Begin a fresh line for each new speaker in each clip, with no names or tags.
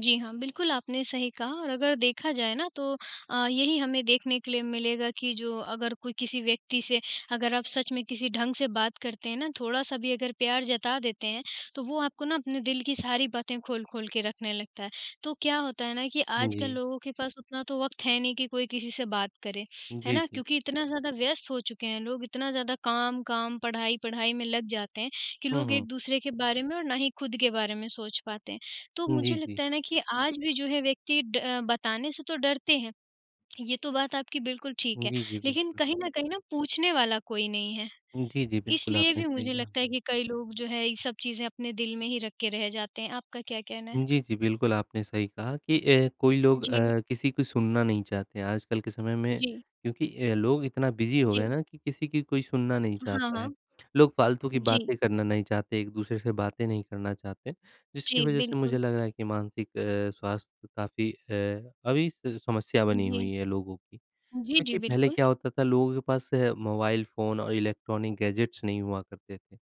जी हाँ, बिल्कुल आपने सही कहा और अगर देखा जाए ना तो अ, यही हमें देखने के लिए मिलेगा कि, जो अगर कोई किसी व्यक्ति से अगर आप सच में किसी ढंग से बात करते हैं ना, थोड़ा-सा भी अगर प्यार जता देते हैं, तो वो आपको ना अपने दिल की सारी बातें खोल-खोल के रखने लगता है। तो क्या होता है ना, कि
उ,
आजकल
जी।
लोगों के पास उतना तो वक़्त है नहीं कि कोई किसी बात करें, है
जी,
ना?
जी।
क्योंकि इतना ज़्यादा व्यस्त हो चुके हैं लोग, इतना ज़्यादा काम-काम, पढ़ाई-पढ़ाई में लग जाते हैं कि
हुँ,
लोग
हुँ।
एक-दूसरे के बारे में और ना ही खुद के बारे में सोच पाते हैं। तो
जी,
मुझे
जी।
लगता है ना कि आज भी जो है व्यक्ति ड बताने से तो डरते हैं, ये तो बात आपकी बिल्कुल ठीक है,
जी, जी,
लेकिन
बिल्कुल।
कहीं न कहीं ना पूछने वाला कोई नहीं है।
जी, जी। बिल्कुल
इसलिए
आपने
भी
सही
मुझे
कहा।
लगता है कि कई लोग जो है, ये सब चीज़ें अपने दिल में ही रख के रह जाते हैं। आपका क्या कहना है?
जी, जी, बिल्कुल आपने सही कहा कि अ, कोई लोग
जी।
अ, किसी को सुनना नहीं चाहते हैं आजकल के समय में,
जी।
क्योंकि अ, लोग इतना बिज़ी हो गए हैं
जी।
ना कि किसी की कोई सुनना नहीं
हाँ,
चाहता है।
हाँ।
लोग फालतू की
जी।
बातें करना नहीं चाहते एक-दूसरे से बातें नहीं करना चाहते, जिसकी
जी,
वज़ह से मुझे
बिल्कुल।
लगा है कि मानसिक अ, स्वास्थ्य काफ़ी अ, अभी स समस्या
उ,
बनी हुई
जी।
है लोगों की।
जी, जी,
क्योंकि पहले
बिल्कुल।
क्या होता था लोगों के पास मोबाइल फ़ोन और इलेक्ट्रॉनिक गैजेट्स नहीं हुआ करते थे,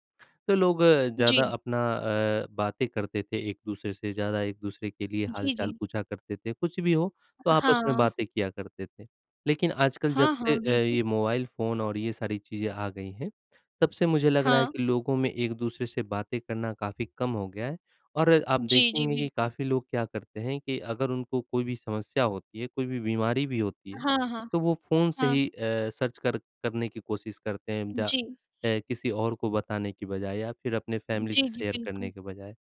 तो लोग ज़्यादा
जी।
अपना अ, बातें करते थे एक-दूसरे से, ज़्यादा एक-दूसरे के लिए
जी,
हाल-चाल
जी।
पूछा करते थे कुछ भी हो तो आपस में
हाँ।
बातें किया करते थे। लेकिन आजकल जब
हाँ,
से
हाँ।
अ,
बिल्कुल।
ये मोबाइल फ़ोन और ये सारी चीज़ें आ गई हैं, तब से मुझे लग रहा है
हाँ।
कि लोगों में एक-दूसरे से बातें करना काफ़ी कम हो गया है। और आप
जी, जी,
देखेंगे कि
बिल्कु
काफ़ी लोग क्या करते हैं कि अगर उनको कोई भी समस्या होती है, कोई भी बीमारी भी होती है,
हाँ, हाँ।
तो वो फ़ोन से
हाँ।
ही अ, सर्च कर करने की कोशिश करते हैं जा
जी।
अ, किसी और को बताने की बजाए या फिर अपने फैमिली
जी,
से
जी।
शेयर करने
बिल्कुल।
के बजाए।